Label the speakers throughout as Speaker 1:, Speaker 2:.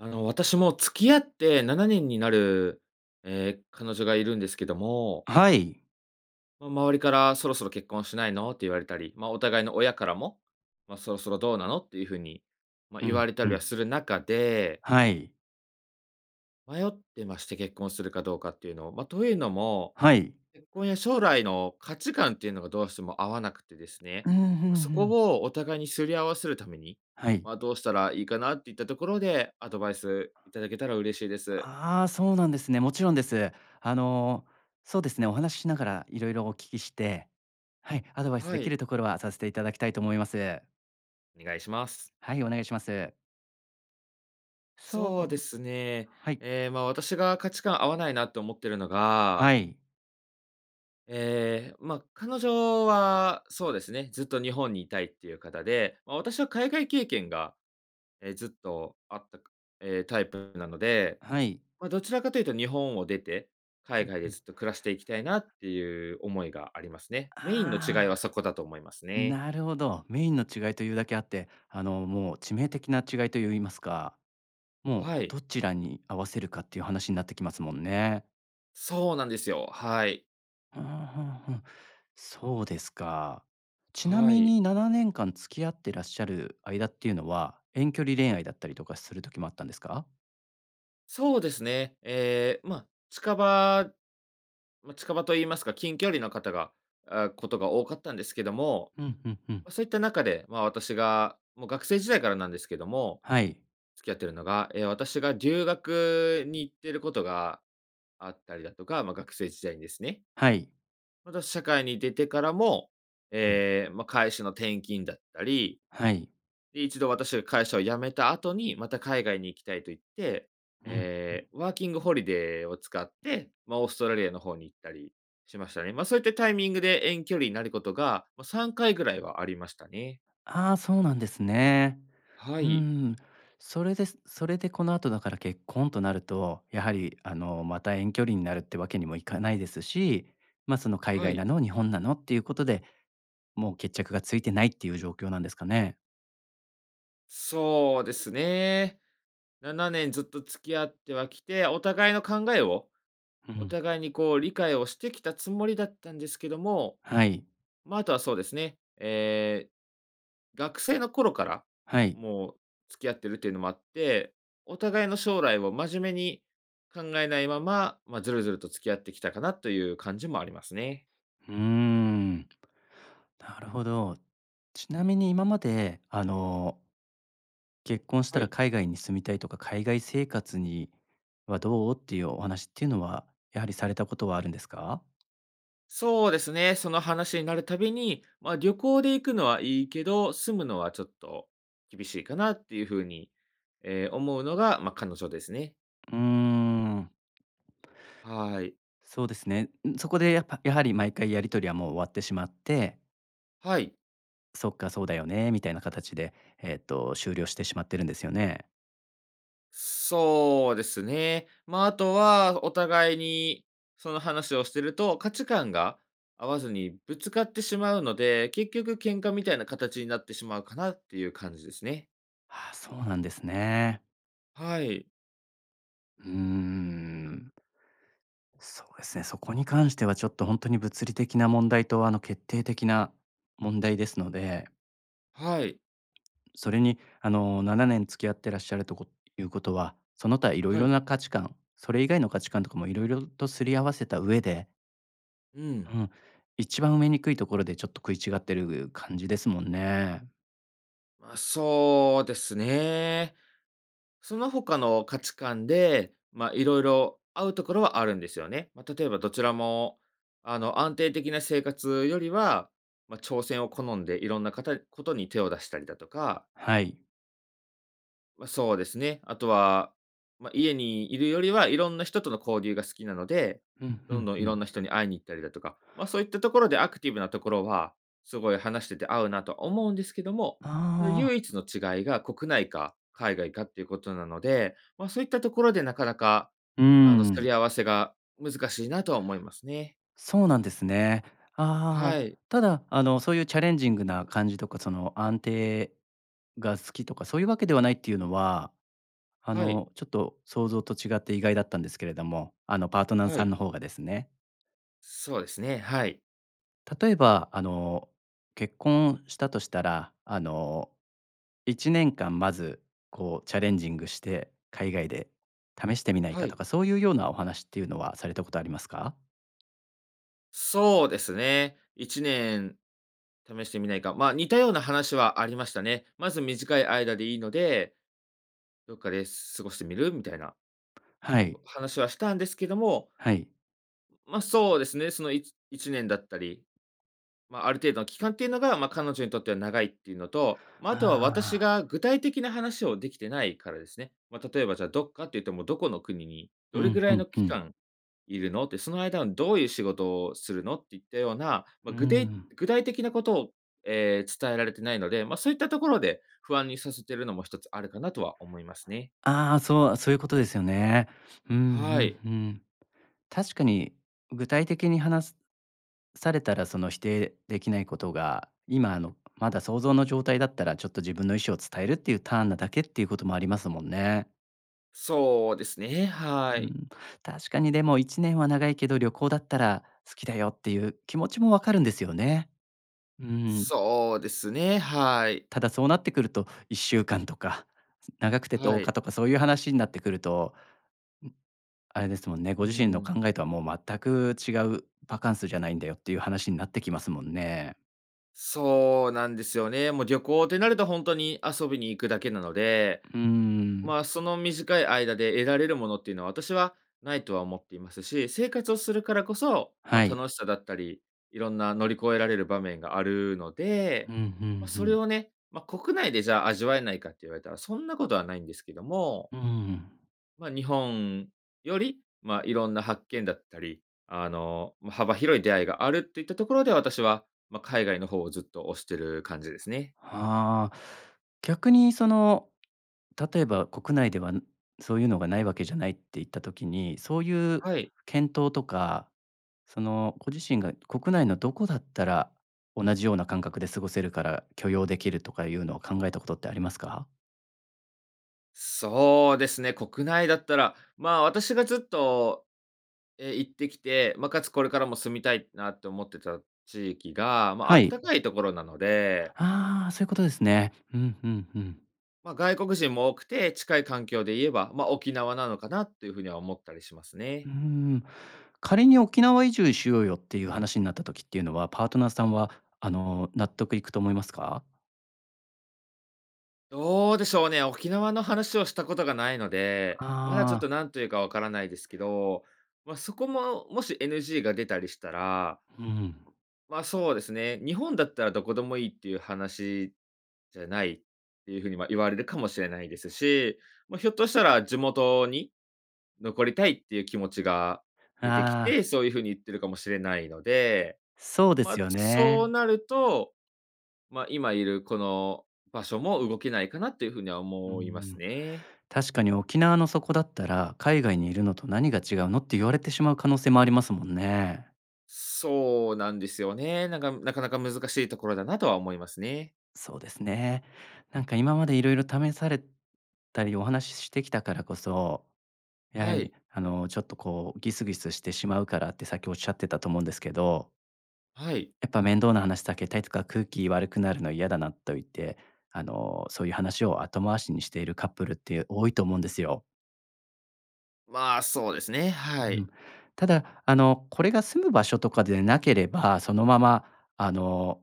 Speaker 1: あの、私、もう付き合って7年になる、ええ、彼女がいるんですけども
Speaker 2: はい。
Speaker 1: まあ、周りから「そろそろ結婚しないの？」って言われたり、ま、お互いの親からも、ま、「そろそろどうなの？」っていうふうに、ま
Speaker 2: う
Speaker 1: 言わ
Speaker 2: ん、
Speaker 1: れた
Speaker 2: ふ
Speaker 1: りは
Speaker 2: ん。
Speaker 1: する中で
Speaker 2: はい。
Speaker 1: 迷ってまして、結婚するかどうかっていうのを。ま、というのも、
Speaker 2: はい。
Speaker 1: 結婚や将来の価値観っていうのがどうしても合わなくてですね、
Speaker 2: うんふ
Speaker 1: まあ、
Speaker 2: ん
Speaker 1: そ
Speaker 2: ふ
Speaker 1: こ
Speaker 2: ん。
Speaker 1: をお互いに擦り合わせるために、
Speaker 2: はい。
Speaker 1: まあ、どうしたらいいかなっていったところで、アドバイスいただけたら嬉しいです。
Speaker 2: ああ、そうなんですね。もちろんです。あの、そうですね、お話ししながらいろいろお聞きして、はい、アドバイス
Speaker 1: は
Speaker 2: でき
Speaker 1: い。
Speaker 2: るところはさせていただきたいと思います。
Speaker 1: お願いします。
Speaker 2: はい、お願いします。そ
Speaker 1: そうで
Speaker 2: うで
Speaker 1: すね。
Speaker 2: はい。
Speaker 1: ええ、まあ、私が価値観合わないなと思ってるのが
Speaker 2: はい。
Speaker 1: ええ、ま、彼女はそうですね、ずっと日本にいたいっていうかたで、まあ私は海外経験が、え、ずっとあった、ええ、タイプなので、
Speaker 2: はい。
Speaker 1: ま、どちらかというと日本を出て
Speaker 2: ふ
Speaker 1: 海
Speaker 2: ん
Speaker 1: 外
Speaker 2: ふ
Speaker 1: で
Speaker 2: ん。
Speaker 1: ずっと暮らしていきたいなっていう思いがありますね。メインの違い
Speaker 2: あ
Speaker 1: はそこだと思います
Speaker 2: あ。
Speaker 1: ね。
Speaker 2: なるほど。メインの違いというだけあって、あの、もう致命的な違いと言いますか、もう
Speaker 1: はい。
Speaker 2: どちらに合わせるかっていう話になってきますもんね。
Speaker 1: そうなんですよ、はい。
Speaker 2: あ、は、は。そうですか。ちな
Speaker 1: は
Speaker 2: み
Speaker 1: い。
Speaker 2: に7年間付き合ってらっしゃる間っていうのは、遠距離恋愛だったりとかする時もあったんですか？
Speaker 1: そうですね、ええ、ま、近場まあ、近場と言いますか、近距離の方が、あ、ことが多かったんですけども、
Speaker 2: うんうんうん。
Speaker 1: ま、そういった中で、ま、私がもう学生時代からなんですけども、
Speaker 2: はい。
Speaker 1: 付き合っているのが、ええ、私が留学に行ってることがあったりだとか、ま、学生時代にですね。
Speaker 2: はい。
Speaker 1: また、社会に出てからも、
Speaker 2: うん。
Speaker 1: ええ、ま、会社の転勤だったり、
Speaker 2: はい。
Speaker 1: で、一度私が会社を辞めた後に、また海外に行きたいと言って、
Speaker 2: うん。
Speaker 1: ええ、ワーキングホリデーを使って、ま、オーストラリアの方に行ったりしましたね。ま、そういったタイミングで遠距離になることが、ま、3回ぐらいはありましたね。
Speaker 2: あ、そうなんですね。
Speaker 1: は
Speaker 2: う
Speaker 1: い。
Speaker 2: ん。それでそれで、この後だから結婚となると、やはり、あの、また、遠距離になるってわけにもいかないですし、ま、その海
Speaker 1: は
Speaker 2: 外な
Speaker 1: い。
Speaker 2: の？日本なの？っていうことで、もう決着がついてないっていう状況なんですかね。
Speaker 1: そうですね。7年ずっと付き合ってはきて、お互いの考えを、
Speaker 2: う
Speaker 1: お
Speaker 2: ん。
Speaker 1: 互いにこう、理解をしてきたつもりだったんですけども、
Speaker 2: はい。
Speaker 1: ま、あとはそうですね。え、学生の頃から、
Speaker 2: はい。
Speaker 1: もう、付き合ってるっていうのもあって、お互いの将来を真面目に、考えないまま、まあ、ずるずると付き合ってきたかなという感じもありますね。
Speaker 2: うん。なるほど。ちなみに今まで、あの「結婚した
Speaker 1: は
Speaker 2: ら
Speaker 1: い。
Speaker 2: 海外に住みたいとか、海外生活にはどう？」っていうお話っていうのは、やはり、されたことはあるんですか？
Speaker 1: そうですね、その話になるたびに「まあ、旅行で行くのはいいけど、住むのはちょっと、厳しいかな」っていう風に、え、思うのが、ま、彼女ですね。
Speaker 2: うーん。
Speaker 1: はい。
Speaker 2: そうですね。うん、そこでやっぱやはり、毎回やり取りはもう終わってしまって
Speaker 1: はい。
Speaker 2: 「そっか、そうだよね」みたいな形で、えっと、終了してしまってるんですよね？
Speaker 1: そうですね。ま、あとはお互いにその話をしてると、価値観が合わずにぶつかってしまうので、結局喧嘩みたいな形になってしまうかなっていう感じですね。
Speaker 2: ああ、そうなんですね。
Speaker 1: はい。
Speaker 2: うーん。そうですね、そこに関してはちょっとほんとに物理的な問題とあの、決定的な問題ですので。
Speaker 1: はい。
Speaker 2: それにあの、7年付き合ってらっしゃるとこいうことは、その他色
Speaker 1: は
Speaker 2: 々
Speaker 1: い。
Speaker 2: な価値観、それ以外の価値観とかも色々と擦り合わせた上で。
Speaker 1: うん。
Speaker 2: うん。一番埋めにくいところでちょっと食い違ってる感じですもんね。
Speaker 1: あ、そうですね。その他の価値観で、ま、色々合うところはあるんですよね。ま、例えばどちらも、あの、安定的な生活よりは、ま、挑戦を好んで色んなかたことに手を出したりだとか。
Speaker 2: はい。
Speaker 1: ま、そうですね、あとは、ま、家にいるよりは、色んな人との交流が好きなので、
Speaker 2: ふんふ
Speaker 1: どん
Speaker 2: ん
Speaker 1: どん
Speaker 2: ふ
Speaker 1: 色ん
Speaker 2: ん。
Speaker 1: な人に会いに行ったりだとか、ま、そういったところでアクティブなところは、すごい話してて合うなと思うんですけども、
Speaker 2: ああ。
Speaker 1: 唯一の違いが国内か海外かっていうことなので、ま、そういったところでなかなか、
Speaker 2: うー
Speaker 1: あの、擦
Speaker 2: ん。
Speaker 1: り合わせが難しいなとは思いますね。
Speaker 2: そうなんですね。あ
Speaker 1: は
Speaker 2: あ、
Speaker 1: い。
Speaker 2: ただ、あの、そういうチャレンジングな感じとか、その、安定が好きとかそういうわけではないっていうのは、あ
Speaker 1: はい。
Speaker 2: の、ちょっと想像と違って意外だったんですけれども、あの、パートナー
Speaker 1: は
Speaker 2: さん
Speaker 1: い。
Speaker 2: の方がですね。
Speaker 1: そうですね、はい。
Speaker 2: 例えば、あの、結婚したとしたら、あの、1年間まず、こう、チャレンジングして、海外で試してみない
Speaker 1: は
Speaker 2: かと
Speaker 1: い。
Speaker 2: か、そういう様なお話っていうのは、されたことありますか？
Speaker 1: そうですね。1年試してみないか、まあ、似たような話はありましたね。まず短い間でいいので、どっかで過ごしてみる？みたいな、
Speaker 2: はい。
Speaker 1: こ話はしたんですけども。
Speaker 2: はい。
Speaker 1: ま、そうですね、そのいち1年だったり。ま、ある程度の期間っていうのが、ま、彼女にとっては長いっていうのと、ま、
Speaker 2: ああ
Speaker 1: あとは
Speaker 2: ああ
Speaker 1: 私
Speaker 2: ああ。
Speaker 1: が具体的な話を出来てないからですね。ま、例えばじゃあ「どっかっていうと、もうどこの国に、
Speaker 2: う
Speaker 1: どれ
Speaker 2: ん
Speaker 1: ぐら
Speaker 2: う
Speaker 1: い
Speaker 2: ん
Speaker 1: の
Speaker 2: う
Speaker 1: 期
Speaker 2: ん。
Speaker 1: 間居るの？」って。「その間は、どういう仕事をするの？」っていったような、
Speaker 2: う
Speaker 1: ま、ぐてい
Speaker 2: ん。
Speaker 1: 具体的なことを、ええ、伝えられてないので、ま、そういったところで、不安にさせてるのも、ひとつあるかなとは思いますね。
Speaker 2: ああ、そうそういうことですよね。ふんふ
Speaker 1: は
Speaker 2: ん
Speaker 1: い。
Speaker 2: ふん。確かに、具体的に話すされたら、その否定出来ないことが、今あの、まだ想像の状態だったら、ちょっと自分の意思を伝えるっていうターンなだけっていうこともありますもんね。
Speaker 1: そうですね、
Speaker 2: う
Speaker 1: はい。
Speaker 2: ん。確かにでも、1年は長いけど、旅行だったら好きだよっていう気持ちもわかるんですよね。うん。
Speaker 1: そうですね、はい。
Speaker 2: ただそうなってくると、1週間とか、長くてと
Speaker 1: は
Speaker 2: うか
Speaker 1: い。
Speaker 2: とかそういう話になってくると、ん、あれですもんね、
Speaker 1: う
Speaker 2: ご自身の
Speaker 1: ん。
Speaker 2: 考えとはもう全く違う「バカンスじゃないんだよ」っていう話になってきますもんね。
Speaker 1: そうなんですよね。もう、旅行ってなると、ほんとに遊びに行くだけなので、
Speaker 2: うーん。
Speaker 1: まあ、その短い間で得られるものっていうのは、私はないとは思っていますし、生活をするからこそ、ま、
Speaker 2: はい。
Speaker 1: 楽しさだったり、いろんな乗り越えられる場面があるの
Speaker 2: う
Speaker 1: で、
Speaker 2: ん、ふ
Speaker 1: ま、
Speaker 2: んふ
Speaker 1: それ
Speaker 2: ん。
Speaker 1: をね、ま、国内でじゃあ味わえないかって言われたら、そんなことはないんですけども
Speaker 2: うーん。
Speaker 1: ま、日本より、まあ、いろんな発見だったり、あの、ま、幅広い出会いがあるっていったところで、私は、ま、海外の方をずっと推してる感じですね。
Speaker 2: はあ、逆にその、例えば国内では、そういうのがないわけじゃないって言った時に、そういう
Speaker 1: はい。
Speaker 2: 検討とか、その、ご自身が国内のどこだったら、同じような感覚で過ごせるから、許容できるとかいうのを考えたことってありますか？
Speaker 1: そうですね、国内だったら、ま、私がずっと、え、行ってきて、ま、かつこれからも住みたいなと思ってた地域が、ま、あ
Speaker 2: は
Speaker 1: った
Speaker 2: い。
Speaker 1: かいところなので
Speaker 2: ああ、そういうことですね。うんうんうん。
Speaker 1: ま、外国人も多くて、近い環境で言えば、ま、沖縄なのかなっていうふうには思ったりします
Speaker 2: う
Speaker 1: ね。
Speaker 2: ーん。仮に「沖縄移住しようよ」っていう話になった時っていうのは、パートナーさんは、あの、納得いくと思いますか？
Speaker 1: どうでしょうね。沖縄の話をしたことがないので、
Speaker 2: あ
Speaker 1: まだちょっと、
Speaker 2: あ。
Speaker 1: 何というかわからないですけど、ま、そこも、もし NG が出たりしたら
Speaker 2: うん。
Speaker 1: ま、そうですね、日本だったらどこでもいいっていう話じゃないっていうふうに、ま、言われるかもしれないですし、ま、ひょっとしたら、地元に残りたいっていう気持ちが
Speaker 2: あ
Speaker 1: 出てき
Speaker 2: あ。
Speaker 1: て、そういうふうに言ってるかもしれないので、
Speaker 2: そうです
Speaker 1: ま、
Speaker 2: よ
Speaker 1: そう
Speaker 2: ね。
Speaker 1: なると、ま、今いるこの場所も動けないかなっていうふうには
Speaker 2: う
Speaker 1: 思います
Speaker 2: ん。
Speaker 1: ね。
Speaker 2: 確かに、沖縄のそこだったら「海外にいるのと何が違うの？」って言われてしまう可能性もありますもんね。
Speaker 1: そうなんですよね、なんか、なかなか難しいところだなとは思いますね。
Speaker 2: そうですね。なんか今まで色々試されたり、お話ししてきたからこそ、やは
Speaker 1: は
Speaker 2: り、
Speaker 1: い。
Speaker 2: あの、ちょっとこう、ギスギスしてしまうからって、さっきおっしゃってたと思うんですけど。
Speaker 1: はい。
Speaker 2: やっぱ、面倒な話避けたいとか、空気悪くなるの嫌だなっと言って、あの、そういう話を後回しにしているカップルって多いと思うんですよ。
Speaker 1: まあ、そうですね、
Speaker 2: う
Speaker 1: はい。
Speaker 2: ん。ただ、あの、これが住む場所とかでなければ、そのまま、あの、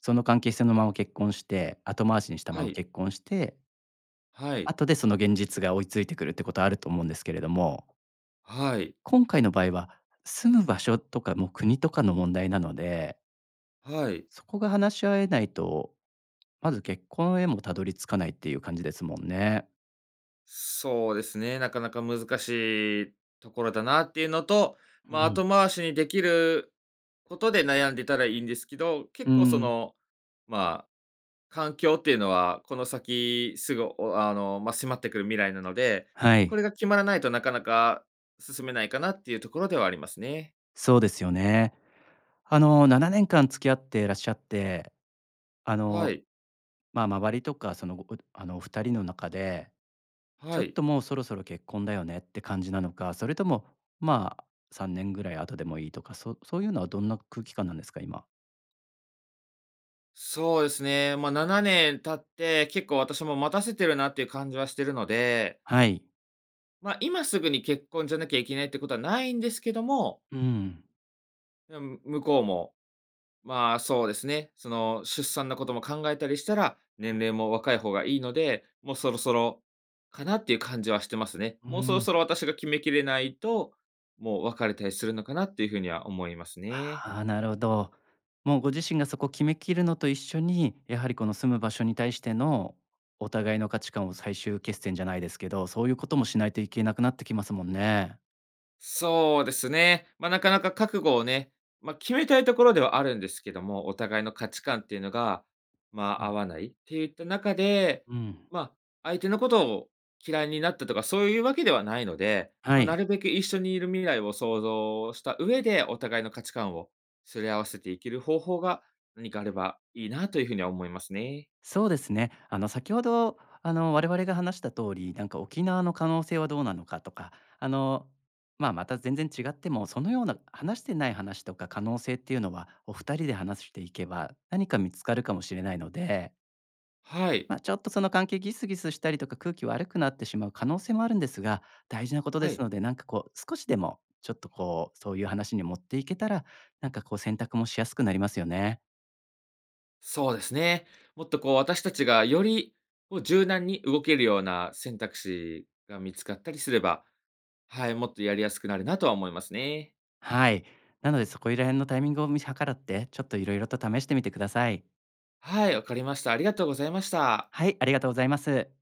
Speaker 2: その関係性のまま結婚して、後回しにした
Speaker 1: は
Speaker 2: まま
Speaker 1: い。
Speaker 2: 結婚して…
Speaker 1: はい。
Speaker 2: 後で、その現実が追いついてくるってことは、あると思うんですけれども。
Speaker 1: はい。
Speaker 2: 今回の場合は、住む場所とかもう国とかの問題なので。
Speaker 1: はい。
Speaker 2: そこが話し合えないと、まず、結婚へもたどり着かないっていう感じですもんね。
Speaker 1: そうですね、なかなか難しいところだなっていうのと、
Speaker 2: う
Speaker 1: まあ、
Speaker 2: ん。
Speaker 1: 後回しにできることで悩んでたらいいんですけど、結
Speaker 2: う
Speaker 1: 構そ
Speaker 2: ん。
Speaker 1: の、まあ、環境っていうのは、この先、すぐ、おあの、まあ、迫ってくる未来なので、
Speaker 2: は
Speaker 1: こ
Speaker 2: い。
Speaker 1: れが決まらないと、なかなか進めないかなっていうところではありますね。
Speaker 2: そうですよね。あの、7年間付き合ってらっしゃって、あ
Speaker 1: は
Speaker 2: の、
Speaker 1: い。
Speaker 2: まあ、周りとかその、ごこあの、お二人の中で、ちょ
Speaker 1: は
Speaker 2: っ
Speaker 1: い。
Speaker 2: ともうそろそろ結婚だよねって感じなのか、それとも、まあ、3年ぐらい後でもいいとか、そそういうのはどんな空気感なんですか？今。
Speaker 1: そうですね、まあ、7年経って、結構、私も待たせてるなっていう感じはしてるので。
Speaker 2: はい。
Speaker 1: ま、今すぐに結婚じゃなきゃいけないってことはないんですけども
Speaker 2: うん。
Speaker 1: うん、向こうも、まあ、そうですね、その、出産のことも考えたりしたら、年齢も若い方がいいので、もうそろそろかな？ていう感じはしてますね。
Speaker 2: う
Speaker 1: もうそろ
Speaker 2: ん。
Speaker 1: そろ、私が決めきれないと、もう別れたりするのかなっていう風には思いますね。
Speaker 2: ああ、なるほど。もうご自身がそこ決めきるのと一緒に、やはり、この住む場所に対しての、お互いの価値観を、最終決戦じゃないですけど、そういうこともしないといけなくなってきますもんね。
Speaker 1: そうですね、ま、なかなか覚悟をね、ま、決めたいところではあるんですけども、お互いの価値観っていうのが、ま
Speaker 2: う
Speaker 1: あ、合
Speaker 2: ん。
Speaker 1: わないっていった中で、
Speaker 2: うん。
Speaker 1: まあ、相手のことを嫌いになったとか、そういうわけではないので、
Speaker 2: は
Speaker 1: ま、な
Speaker 2: い。
Speaker 1: るべく一緒にいる未来を想像した上で、お互いの価値観をすり合わせていける方法が、何かあればいいなという風には思いますね。
Speaker 2: そうですね。あの、先ほどあの、我々が話した通り、なんか沖縄の可能性はどうなのかとか、あの、まあ、また全然違っても、そのような話してない話とか可能性っていうのは、お二人で話していけば、何か見つかるかもしれないので。
Speaker 1: はい。
Speaker 2: ま、ちょっとその関係ギスギスしたりとか、空気悪くなってしまう可能性もあるんですが、大事なこと
Speaker 1: は
Speaker 2: です
Speaker 1: い。
Speaker 2: ので、なんかこう、少しでもちょっとこう、そういう話に持っていけたら、なんかこう、選択もしやすくなりますよね。
Speaker 1: そうですね。もっとこう、私たちがより、こう、柔軟に動けるような選択肢が見つかったりすれば、はい、もっとやりやすくなるなとは思いますね。
Speaker 2: はい。なので、そこいら辺のタイミングを見計らって、ちょっと色々と試してみてください。
Speaker 1: はい、わかりました。ありがとうございました。
Speaker 2: はい、ありがとうございます。